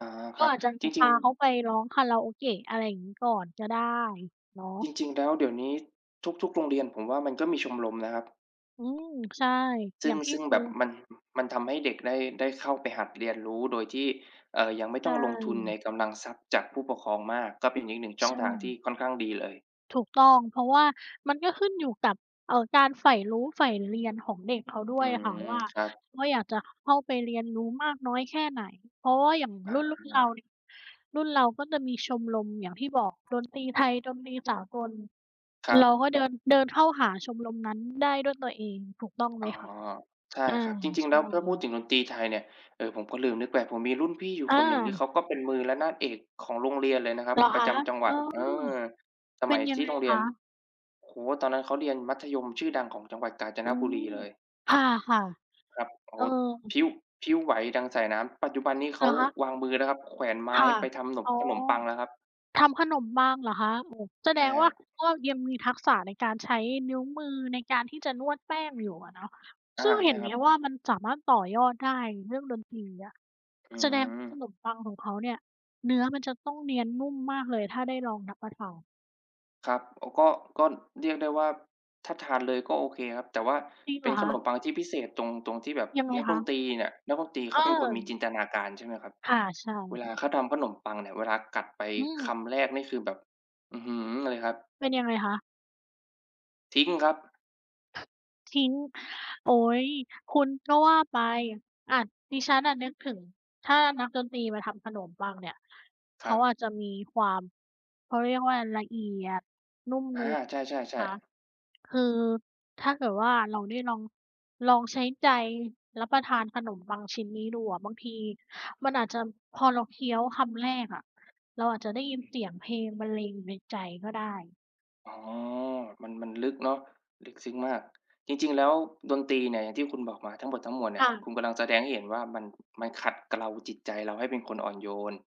อา คก็รับ อาจจะมจีรพิง าเขๆ าไปร้องคาราโอเกะ อะไรอย่างงี้ ก่อนก็ได้เนาจะ ริง ๆ แล้วเดี๋ยวนี้ทุก ๆ โรงเรียน ผมว่า มันก็มีชมรมนะครับ อืม ใช่ ซึอย่่ง างทีซ่ึ่งดู แบบมัน มันทำให้เด็กได้ ได้เข้าไปหัดเรียนรู้ โดยที่ เอ่อ ยังไม่ใชต้องลงทุนใน่ กำลังทรัพย์จากผู้ปกครองมาก ก็เป็นอีก 1 ชใ่ชองทางที่่ ค่อนข้างดีเลย ถูกต้อง เพราะว่ามันก็ขึ้นอยู่กับ เอ่อ การใฝ่รู้ ใฝ่เรียนของเด็กเขาด้อืวยอะค่ะม ว่า ครับ ว่า อยากจะเข้าไปเรียนรู้มากน้อยแค่ไหน เพราะว่าอย่างรุอ่น ๆ เราา เนี่ย รุ่นเราก็จะมีชมรมอย่างที่บอก ดนตรีไทย ดนตรีสากล ครัเราบ ก็เดิน เดินเข้าหาชมรมนั้นได้ด้วยตัวเอง ถูกต้องไหอม๋อ คะ? ใช่อา ครับ จริใง ชๆ แล้ว ถ้าพูด่ ถึงดนตรีไทยเนี่ย เอ่อ ผมก็ลืมนึกไป ผมมีรุ่นพี่อยู่อคนหนึ่ง นี่เา ขาก็เป็นมือระนาดเอกของโรงเรียนเลยนะครัเบ หรอปรคะะ? จำจังหเวอัอ ด เออ สเปม็ันยยัทงี่ไงโรงเรคียน ะ? โอ้โฮ ตอนนั้นเขาเรียนมัธยมชื่อดังของจังหวัดกาญจอนืบุม รีเลย ค่ะ ครับ โอๆ ้เอโฮ พอ ลิ้ว พลิ้วไหวดังสายน้ำ ปัจจุบันนี้เเขหราอคะ? วางมือแล้วครับ แขวนไมค้่ะ ไปทำหนม อ๋อ ขนมปังแล้วครับ ทำขนมปังเหรอคะ? โอ้ แสใดช่งวค่รา ับ ก็ยังมีทักษะในการใช้นิ้วมือในการที่จะนวดแป้งอยู่อะเนาะ อา ซึ่งเใหช่็นไคหรมับ ว่า มันสามารถต่อยอดได้ เรื่องดนตรีอะ อืแสดงว่า ขม นมปังของเขาเนี่ย เนื้อมันจะต้องเนียนนุ่มมากเลย ถ้าได้ลองรับประทาน ครับ โอ้ ก็ ก็เรียกได้ว่า ถ้าทานเลยก็โอเคครับ แต่ว่าจริงเเปห็รนอขคนะ? มปังที่พิเศษตรง ตรงที่แบบยังไงนักคดะ? นตรีเนี่ย นักดนตรีเเขาเป็นคนมีออ จินตนาการใช่ไหมครับ ค่ะ ใช่เวลคา่ะ เขาทำขนมปังเนี่ย เวลากัดไปอืคม ำแรกนี่คือแบบ อื้อฮือ เลยครับ เป็นยังไงคะ? ทิ้งครับ ทิ้ง โอ๊ย คุณก็ว่าไป อะ ดิฉันอะนึกถึง ถ้านักดนตรีมาทำขนมปังเนี่ย เคขรัาบ อาจจะมีความ เขาเรียกว่า ละเอียด นุ่มอนา วลใชใช่ไหม่ คะ ๆ ๆ คือถ้าเกิดว่า เราได้ลอง ลองใช้ใจรับประทานขนมปังชิ้นนี้ดูอะ บางทีมันอาจจะ พอเราเคี้ยวคำแรกอะ เราอาจจะได้ยินเสียงเพลงบรรเลงอยู่ในใจก็ได้ อ๋อ มัน มันลึกเนาะ ลึกซึ้งมาก จริง ๆ แล้วดนตรีเนี่ย อย่างที่คุณบอกมาทั้งหมดทั้งมวลเนีค่ย ่คะ ุณกำลังแสดงให้เห็นว่า มัน มันขัดเกลาจิตใจเราให้เป็นคนอ่อนโยน